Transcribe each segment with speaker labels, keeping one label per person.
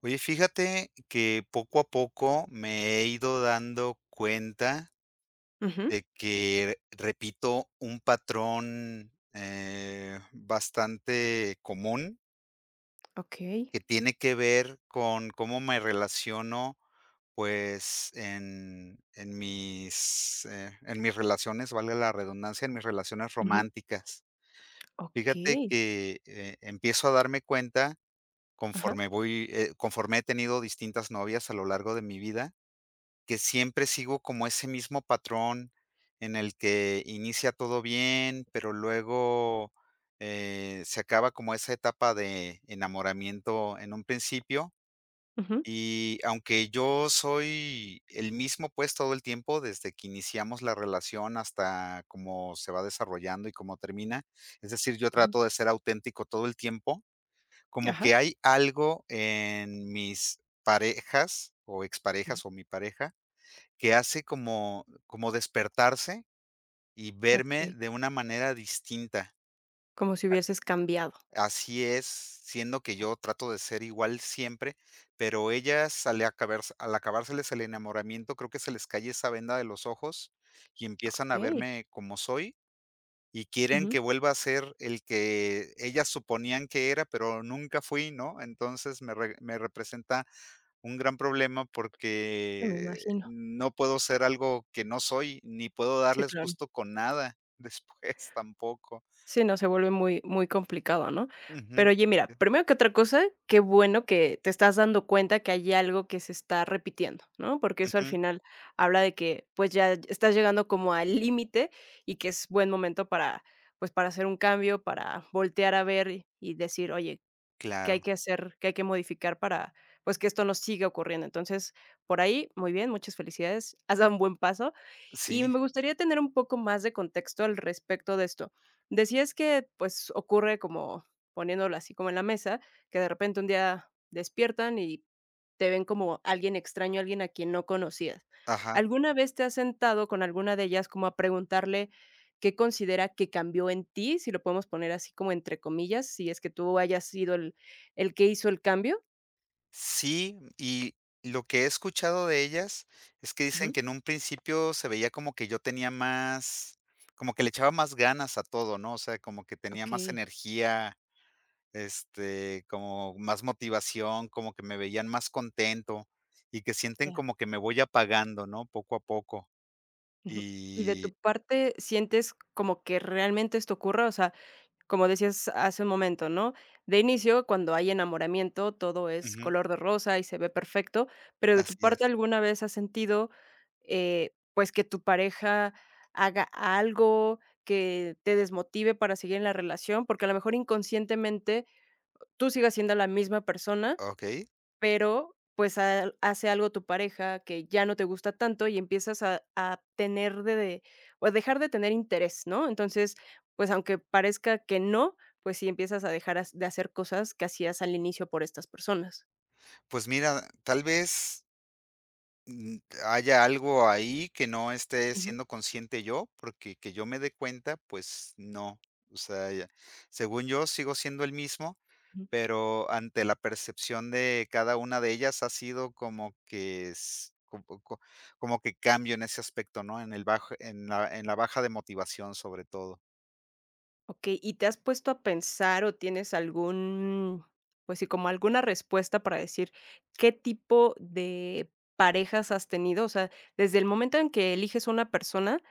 Speaker 1: Oye, fíjate que poco a poco me he ido dando cuenta
Speaker 2: Ujú.
Speaker 1: de que, repito, un patrón, eh, bastante común.
Speaker 2: Okey.
Speaker 1: Que tiene que ver con cómo me relaciono, pues, en, en mis, eh, en mis relaciones, valga la redundancia en mis relaciones
Speaker 2: Ujú.
Speaker 1: románticas. Fíjate
Speaker 2: Okey.
Speaker 1: que, eh, empiezo a darme cuenta
Speaker 2: Ajá.
Speaker 1: conforme voy, eh, conforme he tenido distintas novias a lo largo de mi vida. Que siempre sigo como ese mismo patrón en el que inicia todo bien, pero luego, eh, se acaba como esa etapa de enamoramiento en un principio.
Speaker 2: Ujú.
Speaker 1: Y aunque yo soy el mismo, pues, todo el tiempo desde que iniciamos la relación hasta cómo se va desarrollando, y cómo termina. Es decir, yo
Speaker 2: Ujú.
Speaker 1: trato de ser auténtico todo el tiempo. Como
Speaker 2: Ajá.
Speaker 1: que hay algo en mis parejas, o
Speaker 2: Ujú.
Speaker 1: exparejas o mi pareja, que hace como, como despertarse, y verme
Speaker 2: Okey.
Speaker 1: de una manera distinta.
Speaker 2: Como si hubieses cambiado.
Speaker 1: Así es, siendo que yo trato de ser igual siempre, pero ellas al acabar al acabárseles el enamoramiento, creo que se les cae esa venda de los ojos, y empiezan a
Speaker 2: Okey.
Speaker 1: verme como soy, y quieren
Speaker 2: Ujú.
Speaker 1: que vuelva a ser el que ellas suponían que era, pero nunca fui, ¿no? Entonces me re me representa un gran problema,
Speaker 2: Sí, me
Speaker 1: porque
Speaker 2: imagino.
Speaker 1: no puedo ser algo que no soy, ni puedo
Speaker 2: Sí,
Speaker 1: darles
Speaker 2: claro.
Speaker 1: gusto con nada después tampoco.
Speaker 2: Sí, no se vuelve muy, muy complicado, ¿no?
Speaker 1: Ujú.
Speaker 2: Pero oye, mira,
Speaker 1: [unintelligible]
Speaker 2: primero que otra cosa. Que bueno que te estás dando cuenta que hay algo que se está repitiendo, ¿no? Porque eso al
Speaker 1: Ujú.
Speaker 2: final habla de que, pues, ya estás llegando como al límite, y que es buen momento para, pues, para hacer un cambio, para voltear a ver, y decir: "Oye, ¿qué
Speaker 1: Claro.
Speaker 2: hay que hacer? ¿Qué hay que modificar? para, pues, que esto no siga ocurriendo". Entonces por ahí, muy bien, muchas felicidades, has dado un buen paso. Y
Speaker 1: Sí.
Speaker 2: me gustaría tener un poco más de contexto al respecto de esto. Decías que pues, ocurre como poniéndola así como en la mesa que de repente un día despiertan, y te ven como alguien extraño, alguien a quien no conocías.
Speaker 1: Ajá.
Speaker 2: ¿Alguna vez te has sentado con alguna de ellas como a preguntarle, ¿qué considera que cambió en ti? Si lo podemos poner así como entre comillas, si es que tú hayas sido el el que hizo el cambio.
Speaker 1: Sí, y lo que he escuchado de ellas es que dicen
Speaker 2: Ujú.
Speaker 1: que en un principio se veía como que yo tenía más como que le echaba más ganas a todo, ¿no? O sea, como que tenía más
Speaker 2: Okey.
Speaker 1: energía, este, como más motivación, como que me veían más contento. Y que sienten
Speaker 2: Ya.
Speaker 1: como que me voy apagando, ¿no? Poco a poco.
Speaker 2: Ujú. Y de
Speaker 1: Y.
Speaker 2: tu parte, ¿sientes como que realmente esto ocurra? O sea, como decías hace un momento, ¿no? De inicio, cuando hay enamoramiento, todo es
Speaker 1: Ujú.
Speaker 2: color de rosa y se ve perfecto. Pero de tu
Speaker 1: Así
Speaker 2: parte,
Speaker 1: es.
Speaker 2: ¿alguna vez has sentido, eh, pues, que tu pareja haga algo que te desmotive para seguir en la relación? Porque a lo mejor inconscientemente, tú sigues siendo la misma persona,
Speaker 1: Okey.
Speaker 2: pero, pues, ha hace algo tu pareja que ya no te gusta tanto, y empiezas a a tener de de o dejar de tener interés, ¿no? Entonces, pues, aunque parezca que no. Pues sí, empiezas a dejar de hacer cosas que hacías al inicio por estas personas.
Speaker 1: Pues mira, tal vez mm, haya algo ahí que no esté
Speaker 2: Ujú.
Speaker 1: siendo consciente yo. Porque que yo me de cuenta, pues no. O sea, ya según yo sigo siendo el mismo,
Speaker 2: Mm.
Speaker 1: pero ante la percepción de cada una de ellas ha sido como que es un poco como que cambio en ese aspecto, ¿no?, en el bajo en la en la baja de motivación, sobre todo.
Speaker 2: Okey, ¿y te has puesto a pensar o tienes algún? Pues sí, como alguna respuesta para decir qué tipo de parejas has tenido. O sea, desde el momento en que eliges a una persona,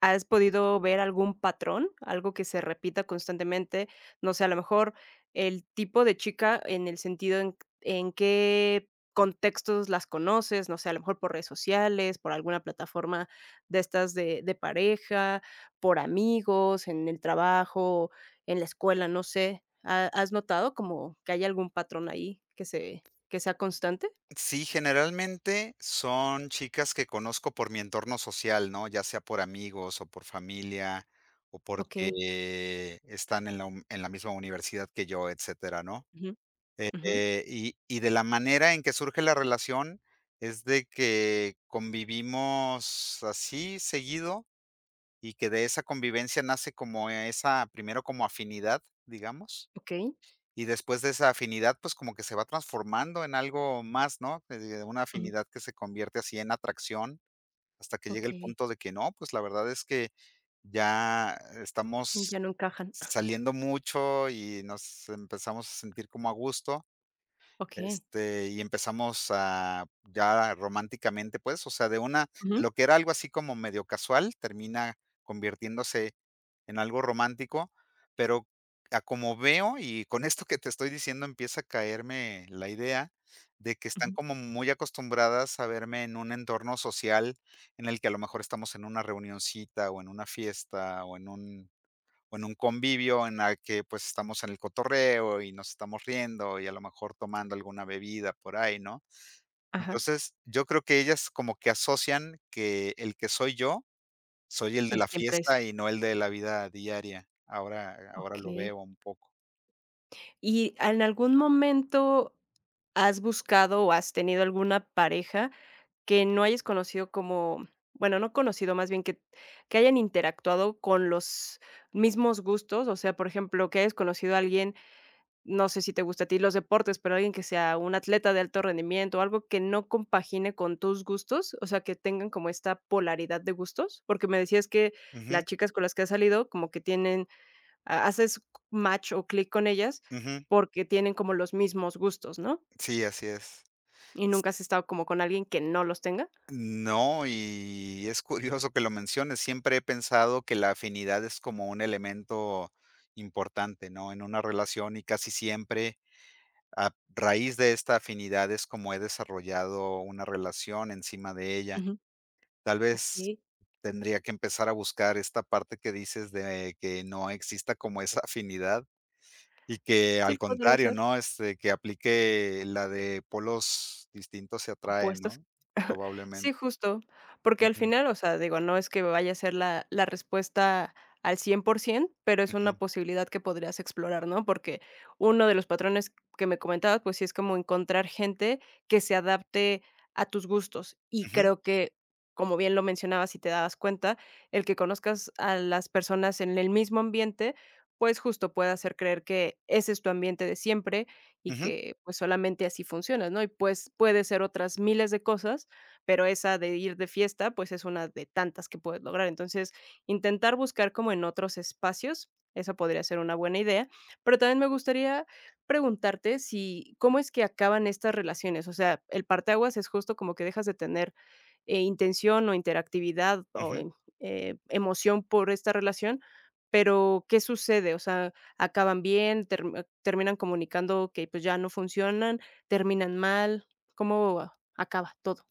Speaker 2: ¿has podido ver algún patrón, algo que se repita constantemente? No sé, a lo mejor el tipo de chica en el sentido, ¿en q en qué contextos las conoces? No sé, a lo mejor por redes sociales, por alguna plataforma de estas de de pareja, por amigos en el trabajo, en la escuela. No sé, ¿ha has notado como que hay algún patrón ahí que se que sea constante?
Speaker 1: Sí, generalmente son chicas que conozco por mi entorno social, ¿no? Ya sea por amigos, o por familia, o
Speaker 2: Okey.
Speaker 1: porque, están en la un en la misma universidad que yo, etcétera, ¿no?
Speaker 2: Ujú, ujú.
Speaker 1: Eh, y y de la manera en que surge la relación es de que convivimos así seguido, y que de esa convivencia nace como e esa primero como afinidad, digamos,
Speaker 2: Okey.
Speaker 1: y después de esa afinidad, pues, como que se va transformando en algo más, ¿no?, que de una
Speaker 2: Ujú.
Speaker 1: afinidad que se convierte así en atracción hasta que llegue el
Speaker 2: Okey.
Speaker 1: punto de que no. Pues la verdad es que ya estamos
Speaker 2: Ya no encajan.
Speaker 1: saliendo mucho, y nos empezamos a sentir como a gusto,
Speaker 2: Okey.
Speaker 1: este, y empezamos a ya románticamente, pues, o sea, de una de
Speaker 2: Ujú.
Speaker 1: lo que era algo así como medio casual, termina convirtiéndose en algo romántico, pero a como veo y con esto que te estoy diciendo, empieza a caerme la idea, de que están
Speaker 2: Ujú.
Speaker 1: como muy acostumbradas a verme en un entorno social en el que a lo mejor estamos en una reunioncita, o en una fiesta, o en un o en un convivio en la que, pues, estamos en el cotorreo y nos estamos riendo, y a lo mejor tomando alguna bebida por ahí, ¿no?
Speaker 2: Ajá.
Speaker 1: Entonces, yo creo que ellas como que asocian que el que soy yo, soy el de
Speaker 2: Que
Speaker 1: la
Speaker 2: siempre es.
Speaker 1: fiesta y no el de la vida diaria. Ahora ahora lo
Speaker 2: Okey.
Speaker 1: veo un poco.
Speaker 2: Y en algún momento, ¿has buscado o has tenido alguna pareja que no hayas conocido como, bueno, no conocido más bien que que hayan interactuado con los mismos gustos? O sea, por ejemplo, que hayas conocido a alguien, no sé si te gustan a ti los deportes, pero ¿alguien que sea un atleta de alto rendimiento o algo que no compagine con tus gustos? O sea, ¿que tengan como esta polaridad de gustos? Porque me decías que,
Speaker 1: Ujú.
Speaker 2: las chicas con las que has salido como que tienen ha haces match o clic con ellas
Speaker 1: Ujú.
Speaker 2: porque tienen como los mismos gustos, ¿no?
Speaker 1: Sí, así es.
Speaker 2: ¿Y nunca has estado como con alguien que no los tenga?
Speaker 1: No, y es curioso que lo menciones. Siempre he pensado que la afinidad es como un elemento importante, ¿no? En una relación y casi siempre a raíz de esta afinidad es como he desarrollado una relación encima de ella.
Speaker 2: Ujú.
Speaker 1: Tal vez,
Speaker 2: Okey.
Speaker 1: tendría que empezar a buscar esta parte que dices de que no exista como esa afinidad. Y que,
Speaker 2: Sí,
Speaker 1: al
Speaker 2: podría
Speaker 1: contrario,
Speaker 2: ser.
Speaker 1: ¿no? Este, que aplique la de: "Polos distintos se atraen,
Speaker 2: Opuestos.
Speaker 1: ¿no?". Probablemen.
Speaker 2: Sí, justo, porque al
Speaker 1: Ujú.
Speaker 2: final, o sea, digo, no es que me vaya a ser la, la respuesta al 100 por 100 pero es
Speaker 1: Ujú.
Speaker 2: una posibilidad que podrías explorar, ¿no? Porque uno de los patrones que me comentabas, pues sí, es como encontrar gente que se adapte a tus gustos, y
Speaker 1: Ujú.
Speaker 2: creo que como bien lo mencionabas y te dabas cuenta el que conozcas a las personas en el mismo ambiente, pues justo puede hacer creer que ese es tu ambiente de siempre y
Speaker 1: Ujú.
Speaker 2: que pues solamente así funciona, ¿no? Y pues puede ser otras miles de cosas, pero esa de ir de fiesta, pues es una de tantas que puedes lograr, entonces intentar buscar como en otros espacios, eso podría ser una buena idea. Pero también me gustaría preguntarte si, ¿cómo es que acaban estas relaciones? O sea, el parteaguas es justo como que dejas de tener, eh, intención o interactividad o
Speaker 1: Ujú.
Speaker 2: en, eh, emoción por esta relación. Pero ¿qué sucede? O sea, ¿acaban bien? ¿Terme terminan comunicando que pues ya no funcionan? ¿Terminan mal? ¿Cómo acaba todo?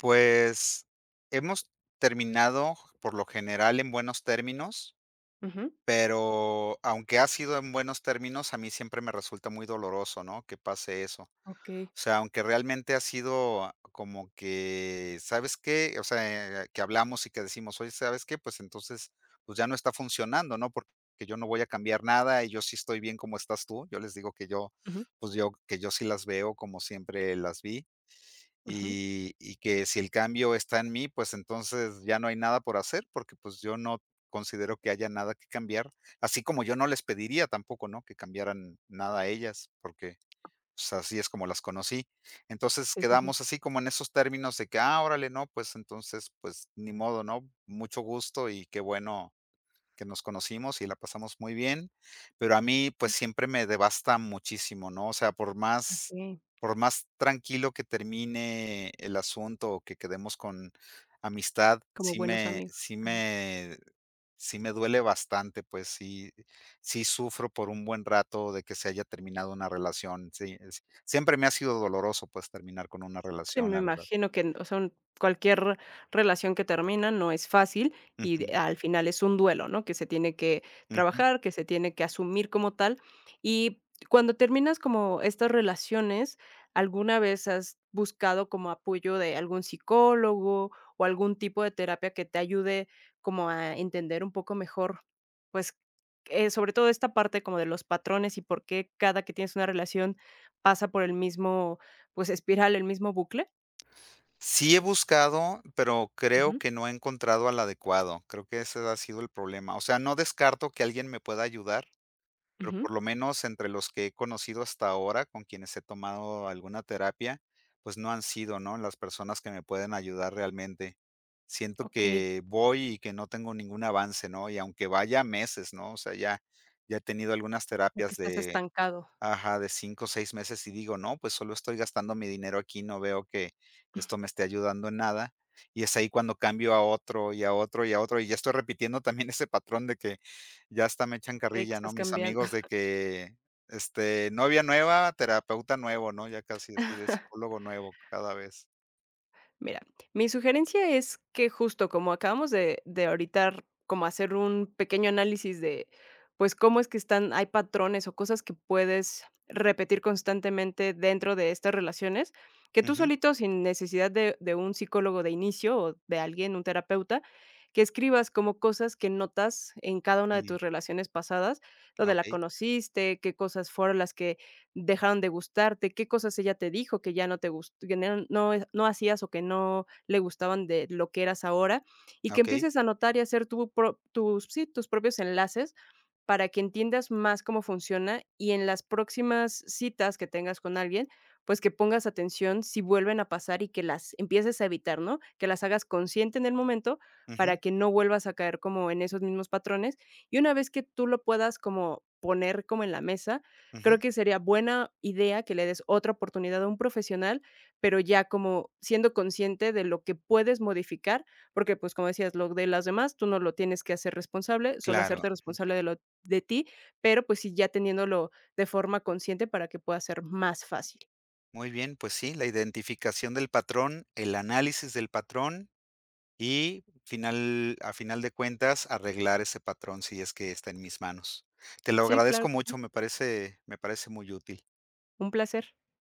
Speaker 1: Pues, hemos terminado, por lo general en buenos términos.
Speaker 2: Ujú.
Speaker 1: Pero aunque ha sido en buenos términos, a mí siempre me resulta muy doloroso, ¿no? Que pase eso. O
Speaker 2: Okey.
Speaker 1: sea, aunque realmente ha sido como que, ¿sabes qué? O sea, que hablamos y que decimos: "Oye, ¿sabes qué? Pues entonces, pues ya no está funcionando, ¿no? Porque yo no voy a cambiar nada y yo sí estoy bien como estás tú". Yo les digo que yo,
Speaker 2: Ujú.
Speaker 1: pues yo, que yo sí las veo como siempre las vi.
Speaker 2: Ujú.
Speaker 1: Y, y que si el cambio está en mí, pues entonces ya no hay nada por hacer porque pues yo no considero que haya nada que cambiar, así como yo no les pediría tampoco, ¿no? Que cambiaran nada a ellas, porque, pues así es como las conocí. Entonces
Speaker 2: Sí, sí, sí.
Speaker 1: quedamos así como en esos términos de que: "Ah, órale, ¿no? Pues entonces, pues ni modo, ¿no? Mucho gusto y qué bueno, que nos conocimos y la pasamos muy bien". Pero a mí, pues siempre me devasta muchísimo, ¿no? O sea, por más
Speaker 2: Okey.
Speaker 1: por más tranquilo que termine el asunto o que quedemos con amistad,
Speaker 2: Como
Speaker 1: sí
Speaker 2: buenos
Speaker 1: me
Speaker 2: amigos.
Speaker 1: sí
Speaker 2: Ajá.
Speaker 1: me sí me duele bastante, pues sí, sí sufro por un buen rato de que se haya terminado una relación. Sí, eh, siempre me ha sido doloroso, pues terminar con una
Speaker 2: Sí,
Speaker 1: relación,
Speaker 2: me
Speaker 1: la verdad.
Speaker 2: imagino que en o sea un cualquier relación que termina no es fácil y
Speaker 1: Ujú.
Speaker 2: de al final es un duelo, ¿no? Que se tiene que
Speaker 1: Ujú.
Speaker 2: trabajar, que se tiene que asumir como tal. Y, ¿cuándo terminas como estas relaciones, alguna vez has buscado como apoyo de algún psicólogo o algún tipo de terapia que te ayude como a entender un poco mejor, pues, eh, sobre todo esta parte como de los patrones y por qué cada que tienes una relación, pasa por el mismo, pues espiral, el mismo bucle?
Speaker 1: Sí he buscado, pero creo
Speaker 2: Ujú.
Speaker 1: que no he encontrado al adecuado. Creo que ese ha sido el problema. O sea, no descarto que alguien me pueda ayudar, pero
Speaker 2: Ujú.
Speaker 1: por lo menos entre los que he conocido hasta ahora, con quienes he tomado alguna terapia, pues no han sido, ¿no?, las personas que me pueden ayudar realmente. Siento
Speaker 2: Okey.
Speaker 1: que voy y que no tengo ningún avance, ¿no?, y aunque vaya meses, ¿no?, o sea, ya ya he tenido algunas
Speaker 2: O que
Speaker 1: terapias
Speaker 2: estás
Speaker 1: de
Speaker 2: estancado.
Speaker 1: ajá, de 5 o 6 meses y digo: "No, pues solo estoy gastando mi dinero aquí y no veo que esto me esté ayudando en nada", y es ahí cuando cambio a otro y a otro y a otro y ya estoy repitiendo también ese patrón de que ya hasta me echan
Speaker 2: Okey, que
Speaker 1: carrilla, ¿no?,
Speaker 2: estás
Speaker 1: mis
Speaker 2: cambiando.
Speaker 1: amigos de que, este: "Novia nueva, terapeuta nuevo", ¿no?, ya casi así de, psicólogo nuevo cada vez.
Speaker 2: Mira, mi sugerencia es que justo como acabamos de de ahorita r como hacer un pequeño análisis de pues cómo es que están hay patrones o cosas que puedes repetir constantemente dentro de estas relaciones, que tú
Speaker 1: Ujú.
Speaker 2: solito, sin necesidad de de un psicólogo de inicio o de alguien, un terapeuta, que escribas como cosas que notas en cada una de
Speaker 1: Mm.
Speaker 2: tus relaciones pasadas, ¿dónde la
Speaker 1: Okey.
Speaker 2: conociste? ¿Qué cosas fueron las que dejaron de gustarte? ¿Qué cosas ella te dijo que ya no te gus que ya no no hacías o que no le gustaban de lo que eras ahora?, y que
Speaker 1: Okey.
Speaker 2: empieces a notar y hacer tu pro tus sí, tus propios enlaces para que entiendas más cómo funciona y en las próximas citas que tengas con alguien, pues que pongas atención si vuelven a pasar y que las empieces a evitar, ¿no?, que las hagas consciente en el momento
Speaker 1: Ujú.
Speaker 2: para que no vuelvas a caer como en esos mismos patrones. Y una vez que tú lo puedas como poner como en la mesa,
Speaker 1: Ujú.
Speaker 2: creo que sería buena idea que le des otra oportunidad a un profesional, pero ya como siendo consciente de lo que puedes modificar porque pues como decías lo de las demás, tú no lo tienes que hacer responsable, solo
Speaker 1: Claro.
Speaker 2: hacerte responsable de lo de ti, pero pues sí, ya teniéndolo de forma consciente para que pueda ser más fácil.
Speaker 1: Muy bien, pues sí, la identificación del patrón, el análisis del patrón y final a final de cuentas, arreglar ese patrón, si es que está en mis manos. Te lo
Speaker 2: Sí, claro
Speaker 1: agradezco
Speaker 2: que sí.
Speaker 1: mucho, me parece me parece muy útil.
Speaker 2: Un placer.